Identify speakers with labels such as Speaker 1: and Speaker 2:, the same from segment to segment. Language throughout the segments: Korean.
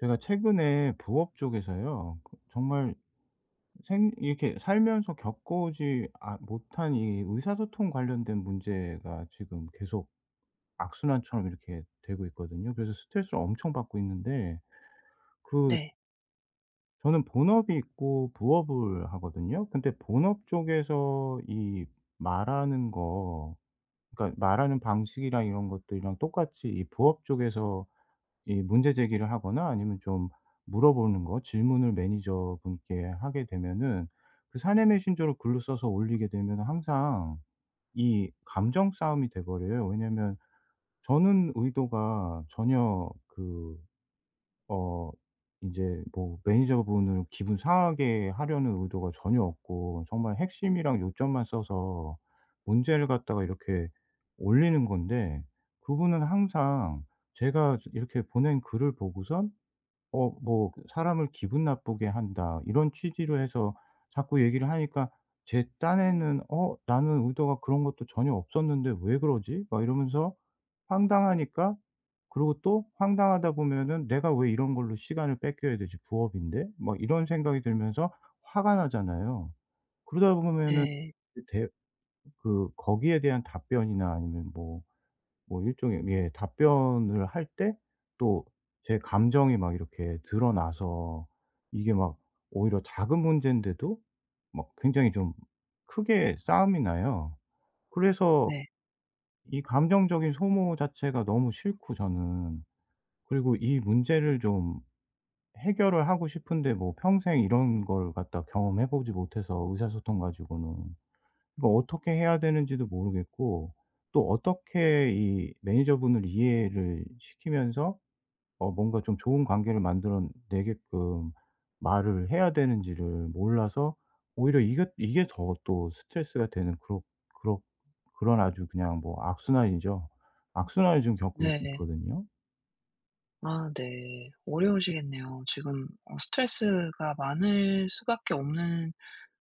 Speaker 1: 제가 최근에 부업 쪽에서요. 거 정말 생 이렇게 살면서 겪어오지 아 못한 이 의사소통 관련된 문제가 지금 계속 악순환처럼 이렇게 되고 있거든요. 그래서 스트레스를 엄청 받고 있는데 그
Speaker 2: 네.
Speaker 1: 저는 본업이 있고 부업을 하거든요. 근데 본업 쪽에서 이 말하는 거 그러니까 말하는 방식이랑 이런 것들이랑 똑같이 이 부업 쪽에서 이 문제 제기를 하거나 아니면 좀 물어보는 거 질문을 매니저분께 하게 되면은 그 사내 메신저를 글로 써서 올리게 되면은 항상 이 감정싸움이 돼 버려요. 왜냐하면 저는 의도가 전혀 그 어 이제 뭐 매니저분을 기분 상하게 하려는 의도가 전혀 없고 정말 핵심이랑 요점만 써서 문제를 갖다가 이렇게 올리는 건데 그분은 항상 제가 즈 이렇게 보낸 글을 보고선 어 뭐 "사람을 기분 나쁘게 한다." 이런 취지로 해서 자꾸 얘기를 하니까 제 딴에는 '어? 나는 의도가 그런 것도 전혀 없었는데 왜 그러지?' 막 이러면서 황당하니까 그러고 또 황당하다 보면은 '내가 왜 이런 걸로 시간을 뺏겨야 되지 부업인데?' 막 이런 생각이 들면서 화가 나잖아요. 그러다 보면은
Speaker 2: 네.
Speaker 1: 대 그 거기에 대한 답변이나 아니면 뭐 뭐 일종의 예 답변을 할 때 또 제 감정이 막 이렇게 드러나서 이게 막 오히려 작은 문젠데도 막 굉장히 좀 크게 싸움이 나요. 그래서
Speaker 2: 네.
Speaker 1: 이 감정적인 소모 자체가 너무 싫고 저는. 그리고 이 문제를 좀 해결을 하고 싶은데 뭐 평생 이런 걸 갖다가 경험해 보지 못해서 의사소통 가지고는. 이거 어떻게 해야 되는지도 모르겠고 또 어떻게 이 매니저분을 이해를 시키면서 어 뭔가 좀 좋은 관계를 만들어 내게끔 말을 해야 되는지를 몰라서 오히려 이게 이게 더 또 스트레스가 되는 그럭 그럭 그런 아주 그냥 뭐 악순환이죠. 악순환을 좀 겪고
Speaker 2: 네.
Speaker 1: 있거든요.
Speaker 2: 아 네. 어려우시겠네요. 지금 어 스트레스가 많을 수밖에 없는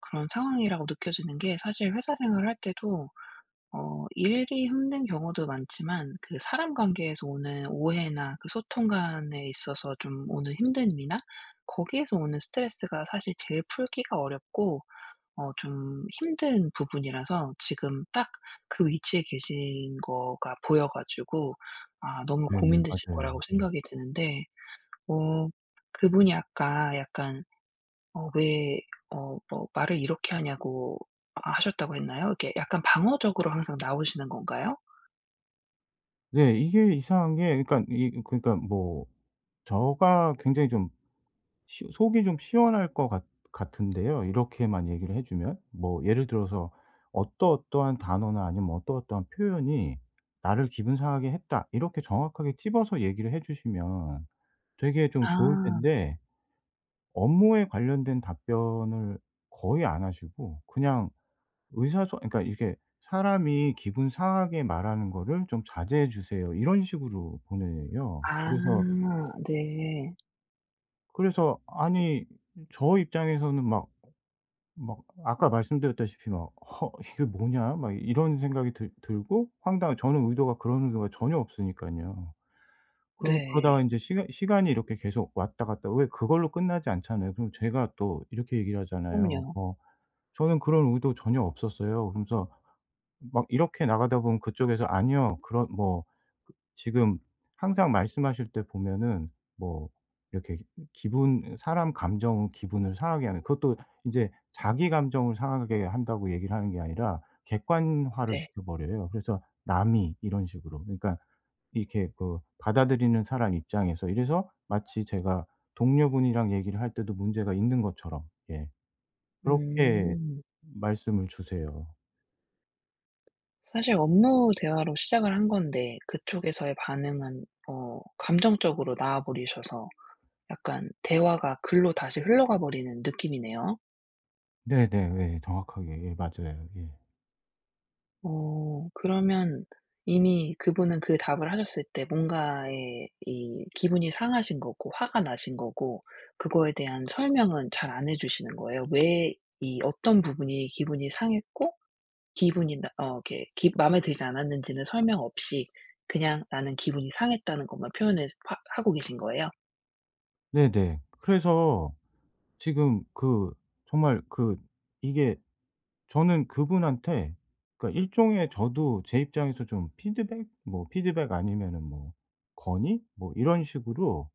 Speaker 2: 그런 상황이라고 느껴지는 게 사실 회사 생활을 할 때도 어 일이 힘든 경우도 많지만 그 사람 관계에서 오는 오해나 그 소통 간에 있어서 좀 오는 힘든 일이나 거기에서 오는 스트레스가 사실 제일 풀기가 어렵고 어 좀 힘든 부분이라서 지금 딱 그 위치에 계신 거가 보여 가지고 아 너무
Speaker 1: 네네
Speaker 2: 고민되실
Speaker 1: 맞아요.
Speaker 2: 거라고
Speaker 1: 음.
Speaker 2: 생각이 드는데 어 그분이 아까 약간 어 "왜 어 어 말을 이렇게 하냐고 하 하셨다."고 했나요? 이렇게 약간 방어적으로 항상 나오시는 건가요?
Speaker 1: 네 이게 이상한 게 그러니까 이 이 그러니까 뭐 저가 굉장히 좀 시 속이 좀 시원할 것 같 같은데요 이렇게만 얘기를 해 주면. 뭐 예를 들어서 "어떠어떠한 단어나 아니면 어떠어떠한 표현이 나를 기분 상하게 했다." 이렇게 정확하게 집어서 얘기를 해 주시면 되게 좀 좋을
Speaker 2: 아.
Speaker 1: 텐데 업무에 관련된 답변을 거의 안 하시고 그냥 의사 소 어 그러니까 이게 "사람이 기분 상하게 말하는 거를 좀 자제해 주세요." 이런 식으로 보내요.
Speaker 2: 아
Speaker 1: 그래서
Speaker 2: 네.
Speaker 1: 그래서 아니 저 입장에서는 막 막 아까 말씀드렸다시피 막 '허 이게 뭐냐?' 막 이런 생각이 들 들고 황당한 저는 의도가 그런 의도가 전혀 없으니깐요. 그러
Speaker 2: 네.
Speaker 1: 그러다가 인제 시간 시간이 이렇게 계속 왔다 갔다 왜 그걸로 끝나지 않잖아요. 그러고 제가 또 이렇게 얘기를 하잖아요.
Speaker 2: 그럼요.
Speaker 1: "어 저는 그런 의도 전혀 없었어요." 그러면서 막 이렇게 나가다 보면 그쪽에서 "아니요." 그런 뭐 지금 항상 말씀하실 때 보면은 뭐 이렇게 기분 사람 감정 기분을 상하게 하는 그것도 인제 "자기감정을 상하게 한다."고 얘기를 하는 게 아니라 객관화를
Speaker 2: 네.
Speaker 1: 시켜버려요. 그래서 "남이." 이런 식으로. 그러니까 이렇게 그 받아들이는 사람 입장에서 이래서 마치 제가 동료분이랑 얘기를 할 때도 문제가 있는 것처럼 예 그렇게
Speaker 2: 음.
Speaker 1: 말씀을 주세요.
Speaker 2: 사실 업무 대화로 시작을 한 건데 그쪽에서의 반응은 어 감정적으로 나와 버리셔서 약간 대화가 글로 다시 흘러가 버리는 느낌이네요.
Speaker 1: 네네네. 정확하게 예 맞아요. 예.
Speaker 2: 어. 그러면 이미 그분은 그 답을 하셨을 때 뭔가에 이 기분이 상하신 거고 화가 나신 거고 그거에 대한 설명은 잘 안 해주시는 거예요? 왜 이 어떤 부분이 기분이 상했고 기분이 나 어 이렇게 기 마음에 들지 않았는지는 설명 없이 그냥 "나는 기분이 상했다."는 것만 표현해 하 하고 계신 거예요?
Speaker 1: 네네. 그래서 지금 그 정말 그 이게 저는 그분한테 그러니까 일종의 저도 제 입장에서 좀 피드백, 뭐 피드백 아니면은 뭐 건의 뭐 이런 식으로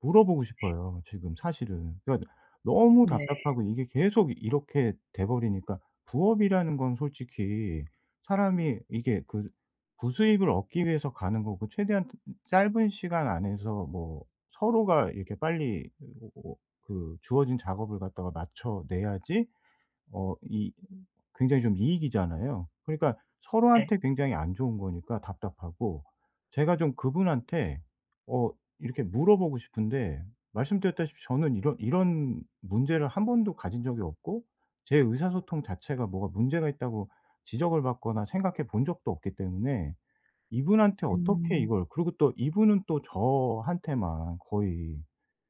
Speaker 1: 물어보고
Speaker 2: 네.
Speaker 1: 싶어요 지금 사실은. 그러니까 너무
Speaker 2: 네.
Speaker 1: 답답하고 이게 계속 이렇게 돼 버리니까 부업이라는 건 솔직히 사람이 이게 그 부수익을 얻기 위해서 가는 거고 최대한 짧은 시간 안에서 뭐 서로가 이렇게 빨리 으 어 어 그 주어진 작업을 갖다가 맞춰 내야지 어 이 굉장히 좀 이익이잖아요. 그러니까
Speaker 2: 네.
Speaker 1: 서로한테 굉장히 안 좋은 거니까 답답하고 제가 좀 그분한테 어 이렇게 물어보고 싶은데 말씀드렸다시피 저는 이런 이런 문제를 1 번도 가진 적이 없고 제 의사소통 자체가 뭐가 문제가 있다고 지적을 받거나 생각해 본 적도 없기 때문에 이분한테 어떻게
Speaker 2: 음.
Speaker 1: 이걸 그리고 또 이분은 또 저한테만 거의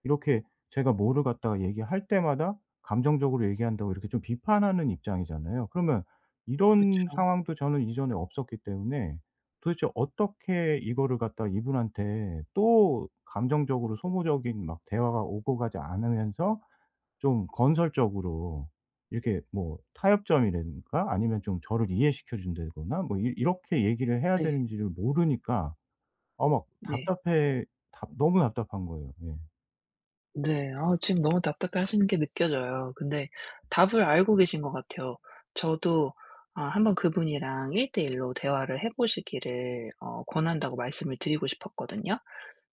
Speaker 1: 이렇게 제가 뭐를 갖다가 얘기할 때마다 감정적으로 얘기한다고 이렇게 좀 비판하는 입장이잖아요. 그러면 이런
Speaker 2: 그렇죠.
Speaker 1: 상황도 저는 이전에 없었기 때문에 도대체 어떻게 이거를 갖다 이분한테 또 감정적으로 소모적인 막 대화가 오고 가지 않으면서 좀 건설적으로 이렇게 뭐 타협점이라든가 아니면 좀 저를 이해시켜 준다거나 뭐 이 이렇게 얘기를 해야
Speaker 2: 네.
Speaker 1: 되는지를 모르니까 어 막
Speaker 2: 네.
Speaker 1: 답답해 답 너무 답답한 거예요. 예.
Speaker 2: 네. 아 지금 너무 답답해 하시는 게 느껴져요. 근데 답을 알고 계신 것 같아요. 저도 아 '1 번 그분이랑 1:1 로 대화를 해 보시기를 어 권한다.'고 말씀을 드리고 싶었거든요.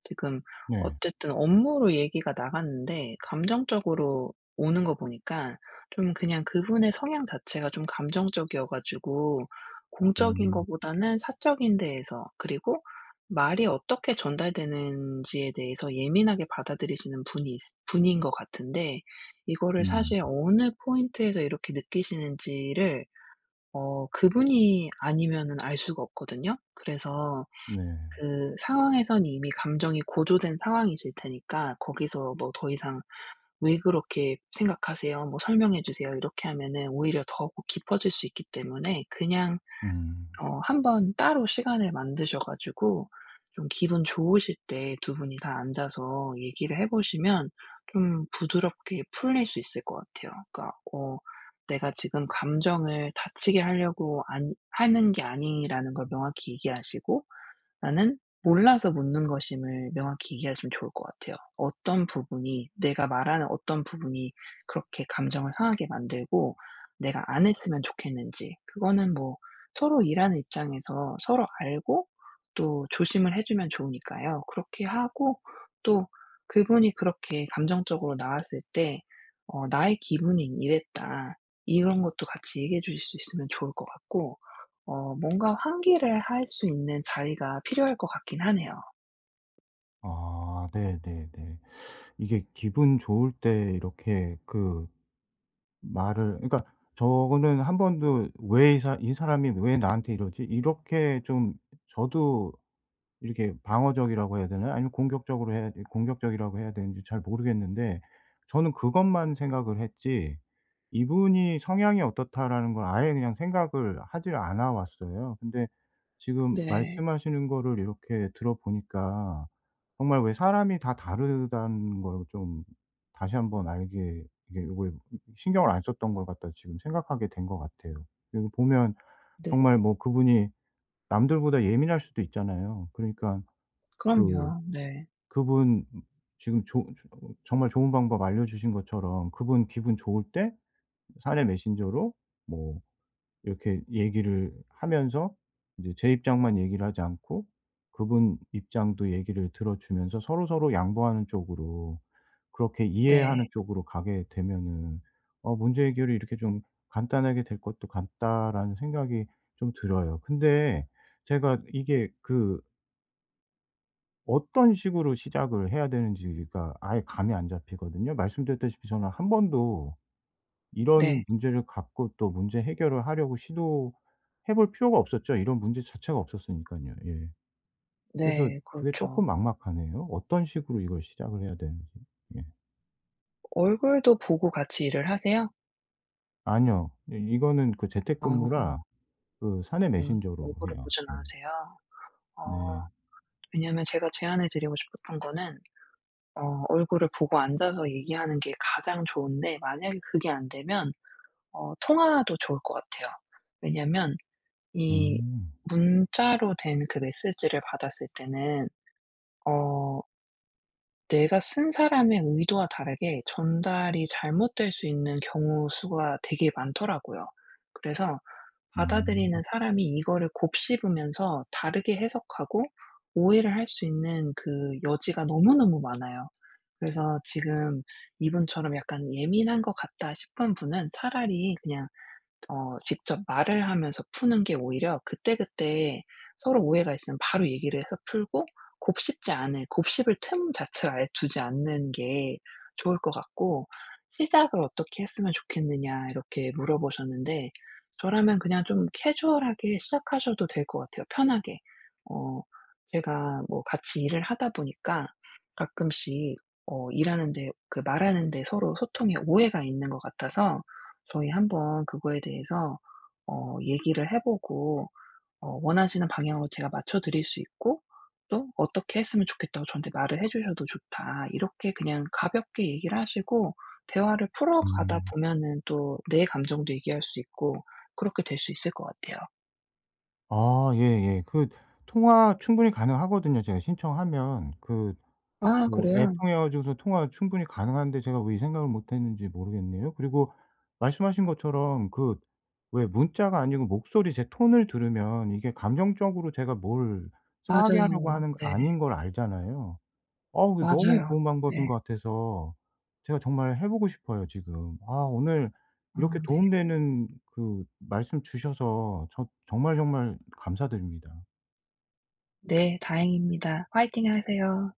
Speaker 2: 지금
Speaker 1: 네.
Speaker 2: 어쨌든 업무로 얘기가 나갔는데 감정적으로 오는 거 보니까 좀 그냥 그분의 성향 자체가 좀 감정적이어 가지고 공적인
Speaker 1: 음.
Speaker 2: 것보다는 사적인 데에서 그리고 말이 어떻게 전달되는지에 대해서 예민하게 받아들이시는 분이 분인 것 같은데 이거를
Speaker 1: 음.
Speaker 2: 사실 어느 포인트에서 이렇게 느끼시는지를 어 그분이 아니면은 알 수가 없거든요. 그래서
Speaker 1: 네.
Speaker 2: 그 상황에서는 이미 감정이 고조된 상황이실 테니까 거기서 뭐 더 이상 "왜 그렇게 생각하세요?" 뭐 "설명해 주세요." 이렇게 하면은 오히려 더욱 깊어질 수 있기 때문에 그냥
Speaker 1: 음.
Speaker 2: 어 한번 따로 시간을 만드셔 가지고 좀 기분 좋으실 때 2 분이 다 앉아서 얘기를 해 보시면 좀 부드럽게 풀릴 수 있을 것 같아요. 그러니까 어 내가 지금 감정을 다치게 하려고 안 하는 게 아니라는 걸 명확히 얘기하시고 나는 몰라서 묻는 것임을 명확히 이해하시면 좋을 것 같아요. 어떤 부분이 내가 말하는 어떤 부분이 그렇게 감정을 상하게 만들고 내가 안 했으면 좋겠는지 그거는 뭐 서로 일하는 입장에서 서로 알고 또 조심을 해 주면 좋으니까요. 그렇게 하고 또 그분이 그렇게 감정적으로 나왔을 때 어 "나의 기분이 이랬다." 이런 것도 같이 얘기해 주실 수 있으면 좋을 것 같고 어 뭔가 환기를 할 수 있는 자리가 필요할 것 같기는 하네요.
Speaker 1: 아 네 네 네. 이게 기분 좋을 때 이렇게 그 말을 그러니까 저는 1 번도 '왜 이 사 이 사람이 왜 나한테 이러지?' 이렇게 좀 저도 이렇게 방어적이라고 해야 되나요? 아니면 공격적으로 해야 이 공격적이라고 해야 되는지 잘 모르겠는데 저는 그것만 생각을 했지 '이분이 성향이 어떻다.'라는 걸 아예 그냥 생각을 하지를 않아 왔어요. 근데 지금
Speaker 2: 네.
Speaker 1: 말씀하시는 거를 이렇게 들어보니까 '정말 왜 사람이 다 다르다는 걸 좀 다시 1 번 알게 이게 요거에 신경을 안 썼던 걸 갖다.' 지금 생각하게 된 것 같아요. 그리고 보면
Speaker 2: 네네.
Speaker 1: 정말 뭐 그분이 남들보다 예민할 수도 있잖아요. 그러니까 그
Speaker 2: 그럼요. 네.
Speaker 1: 그분 지금 좋 좋 정말 좋은 방법 알려주신 것처럼 그분 기분 좋을 때 사내 메신저로 뭐 이렇게 얘기를 하면서 이제 '제 입장만 얘기를 하지 않고 그분 입장도 얘기를 들어주면서 서로 서로 양보하는 쪽으로 그렇게 이해하는
Speaker 2: 네.
Speaker 1: 쪽으로 가게 되면은 어 문제 해결이 이렇게 좀 간단하게 될 것도 같다.'라는 생각이 좀 들어요. 근데 제가 이게 그 어떤 식으로 시작을 해야 되는지가 아예 감이 안 잡히거든요. 말씀드렸다시피 저는 1 번도 이런
Speaker 2: 네.
Speaker 1: 문제를 갖고 또 문제 해결을 하려고 시도해 볼 필요가 없었죠. 이런 문제 자체가 없었으니깐요. 예. 그래서
Speaker 2: 네.
Speaker 1: 그게
Speaker 2: 그렇죠.
Speaker 1: 쪼끔 막막하네요. 어떤 식으로 이걸 시작을 해야 되는지. 예.
Speaker 2: 얼굴도 보고 같이 일을 하세요?
Speaker 1: 아니요. 예 이거는 그 재택근무라
Speaker 2: 아.
Speaker 1: 그 사내
Speaker 2: 음.
Speaker 1: 메신저로
Speaker 2: 얼굴을
Speaker 1: 해요.
Speaker 2: 보진
Speaker 1: 예.
Speaker 2: 않으세요?
Speaker 1: 네.
Speaker 2: 어. 왜냐하면 제가 제안해 드리고 싶었던 거는 어 얼굴을 보고 앉아서 얘기하는 게 가장 좋은데 만약에 그게 안되면 어 통화도 좋을 것 같아요. 왜냐하면 이
Speaker 1: 음.
Speaker 2: 문자로 된 그 메시지를 받았을 때는 어 내가 쓴 사람의 의도와 다르게 전달이 잘못될 수 있는 경우 수가 되게 많더라고요. 그래서
Speaker 1: 음.
Speaker 2: 받아들이는 사람이 이거를 곱씹으면서 다르게 해석하고 오해를 할 수 있는 그 여지가 너무너무 많아요. 그래서 지금 이분처럼 '약간 예민한 것 같다.' 싶은 분은 차라리 그냥 어 직접 말을 하면서 푸는 게 오히려 그때그때 서로 오해가 있으면 바로 얘기를 해서 풀고 곱씹지 않을 곱씹을 틈 자체를 아예 주지 않는 게 좋을 것 같고 시작을 어떻게 했으면 좋겠느냐 이렇게 물어보셨는데 저라면 그냥 좀 캐주얼하게 시작하셔도 될 것 같아요 편하게. "어 제가 뭐 같이 일을 하다 보니까 가끔씩 어 일하는데 그 말하는 데 서로 소통에 오해가 있는 것 같아서 저희 한번 그거에 대해서 어 얘기를 해 보고 어 원하시는 방향으로 제가 맞춰드릴 수 있고 또 어떻게 했으면 좋겠다고 저한테 말을 해 주셔도 좋다." 이렇게 그냥 가볍게 얘기를 하시고 대화를 풀어가다
Speaker 1: 음.
Speaker 2: 보면은 또 내 감정도 얘기할 수 있고 그렇게 될 수 있을 것 같아요.
Speaker 1: 아 예예. 그 통화 충분히 가능하거든요 제가 신청하면. 그
Speaker 2: 아
Speaker 1: 뭐 앱
Speaker 2: 그래요?
Speaker 1: 통해 가지고서 통화 충분히 가능한데 제가 왜 이 생각을 못 했는지 모르겠네요. 그리고 말씀하신 것처럼 그 왜 문자가 아니고 목소리 제 톤을 들으면 이게 감정적으로 제가 뭘 상하게 하려고
Speaker 2: 맞아요.
Speaker 1: 하는 거
Speaker 2: 네.
Speaker 1: 아닌 걸 알잖아요. 어우 이게 너무
Speaker 2: 맞아요.
Speaker 1: 좋은 방법인
Speaker 2: 네.
Speaker 1: 것 같아서 제가 정말 해 보고 싶어요 지금. 아 오늘 이렇게
Speaker 2: 아 네.
Speaker 1: 도움 되는 그 말씀 주셔서 저 정말, 정말 감사드립니다.
Speaker 2: 네 다행입니다. 파이팅 하세요.